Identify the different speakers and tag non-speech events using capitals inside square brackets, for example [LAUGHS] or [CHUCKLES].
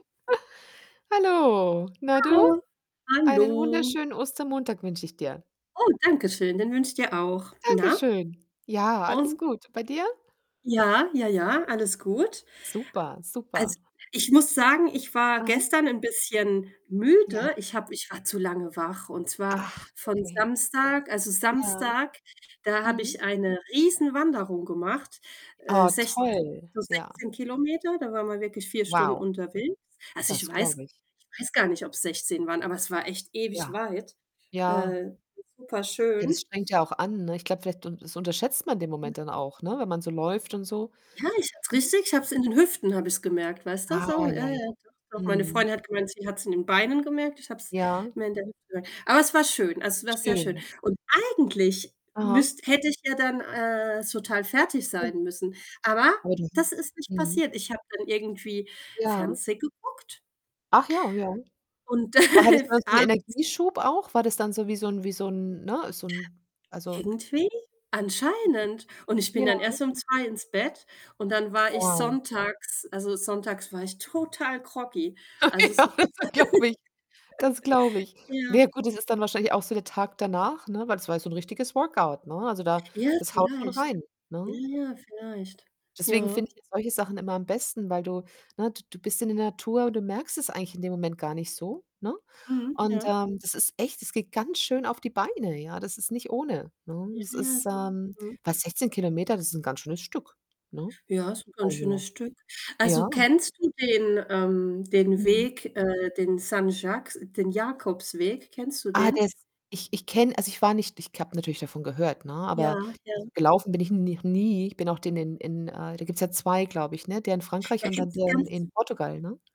Speaker 1: [CHUCKLES] Hallo. Na du?
Speaker 2: Hallo.
Speaker 1: Einen
Speaker 2: Hallo.
Speaker 1: wunderschönen Ostermontag wünsche ich dir.
Speaker 2: Oh, danke schön, den wünsche ich dir auch.
Speaker 1: Danke
Speaker 2: Na?
Speaker 1: schön. Ja, alles
Speaker 2: Und?
Speaker 1: gut, bei dir?
Speaker 2: Ja, ja, ja, alles gut.
Speaker 1: Super, super.
Speaker 2: Also, ich muss sagen, ich war
Speaker 1: Aha.
Speaker 2: gestern 'n bisschen
Speaker 1: Ja.
Speaker 2: müde. Ich habe ich war zu lange wach, und zwar
Speaker 1: Ach,
Speaker 2: von
Speaker 1: okay.
Speaker 2: Samstag also,
Speaker 1: Ja.
Speaker 2: Samstag, da habe
Speaker 1: Mhm.
Speaker 2: ich eine Riesenwanderung gemacht, äh,
Speaker 1: Oh,
Speaker 2: sechz
Speaker 1: toll,
Speaker 2: so
Speaker 1: ja.
Speaker 2: 16 Kilometer. Da war man wirklich 4 Stunden
Speaker 1: Wow.
Speaker 2: unterwegs. Also, ich
Speaker 1: Das
Speaker 2: weiß
Speaker 1: glaube ich.
Speaker 2: ich weiß gar nicht, ob's 16 waren, aber es war echt ewig
Speaker 1: Ja.
Speaker 2: weit.
Speaker 1: Ja.
Speaker 2: Äh, super
Speaker 1: Ja, das
Speaker 2: schön.
Speaker 1: strengt ja auch an, ne? Ich glaube, vielleicht un das unterschätzt man den Moment dann
Speaker 2: [UNINTELLIGIBLE]
Speaker 1: auch, ne, wenn man so läuft und so.
Speaker 2: Ja, ich habe
Speaker 1: Ne?
Speaker 2: es richtig ich habe es in den Hüften habe ich's gemerkt, weißt du,
Speaker 1: Ah,
Speaker 2: so,
Speaker 1: ja,
Speaker 2: ja, ja,
Speaker 1: ja.
Speaker 2: doch, doch. Meine
Speaker 1: Mhm.
Speaker 2: Freundin hat gemeint, sie hat's in den Beinen gemerkt, ich habe es
Speaker 1: Ja.
Speaker 2: mehr in der Hüfte gemerkt. Aber es war schön, also es war sehr schön.
Speaker 1: Schön.
Speaker 2: Und eigentlich
Speaker 1: Aha.
Speaker 2: müsst hätte ich ja dann, äh, total fertig
Speaker 1: Ja.
Speaker 2: sein müssen, aber
Speaker 1: Aber [UNINTELLIGIBLE]
Speaker 2: das ist nicht
Speaker 1: mhm.
Speaker 2: passiert. Ich habe dann irgendwie
Speaker 1: Ja.
Speaker 2: Fernseh geguckt
Speaker 1: Ach ja, ja. Aber
Speaker 2: und
Speaker 1: hattest du dann
Speaker 2: [LAUGHS]
Speaker 1: so 'n
Speaker 2: abends
Speaker 1: Energieschub auch? War das dann so wie so 'n wie so 'n ne, so 'n also
Speaker 2: Irgendwie, anscheinend.
Speaker 1: [UNINTELLIGIBLE]
Speaker 2: Und ich bin dann
Speaker 1: Ja.
Speaker 2: erst um 2 ins Bett und dann war ich
Speaker 1: Wow.
Speaker 2: sonntags also, sonntags war ich total groggy.
Speaker 1: Okay,
Speaker 2: Also, es
Speaker 1: ja,
Speaker 2: war. [UNINTELLIGIBLE] [LAUGHS]
Speaker 1: das glaube ich. Das glaube ich. Na
Speaker 2: ja.
Speaker 1: ja gut, das ist dann wahrscheinlich auch so der Tag danach, ne, weil das war ja so 'n richtiges Workout, ne? Also, da
Speaker 2: Ja,
Speaker 1: das haut schon
Speaker 2: vielleicht.
Speaker 1: rein,
Speaker 2: Ja,
Speaker 1: ne?
Speaker 2: ja vielleicht.
Speaker 1: Deswegen finde
Speaker 2: Ja.
Speaker 1: ich ja solche Sachen immer am besten, weil du ne, d du bist in der Natur und du merkst es eigentlich in dem Moment gar nicht so, ne?
Speaker 2: Mhm,
Speaker 1: Und,
Speaker 2: ja.
Speaker 1: ähm, das ist echt das geht ganz schön auf die Beine, ja, das ist nicht ohne, ne?
Speaker 2: Ja,
Speaker 1: Das
Speaker 2: ja,
Speaker 1: ist
Speaker 2: so
Speaker 1: ähm,
Speaker 2: mhm.
Speaker 1: fast 16 Kilometer, das ist 'n ganz schönes Stück, ne?
Speaker 2: Ja, ist 'n ganz
Speaker 1: Also,
Speaker 2: schönes Stück.
Speaker 1: ja.
Speaker 2: Also, kennst du den, ähm den
Speaker 1: Mhm.
Speaker 2: Weg äh, den Saint-Jacques den Jakobsweg? Kennst du
Speaker 1: Ah,
Speaker 2: den?
Speaker 1: der ist ich ich kenne also ich war nicht ich habe natürlich davon gehört, ne,
Speaker 2: Ja,
Speaker 1: aber also,
Speaker 2: ja.
Speaker 1: gelaufen bin ich n noch nie. Ich bin auch den in in äh, da gibt's ja 2, glaube ich, ne, der in
Speaker 2: Da
Speaker 1: Frankreich und dann
Speaker 2: gibt's
Speaker 1: der in
Speaker 2: ganz
Speaker 1: in Portugal, ne?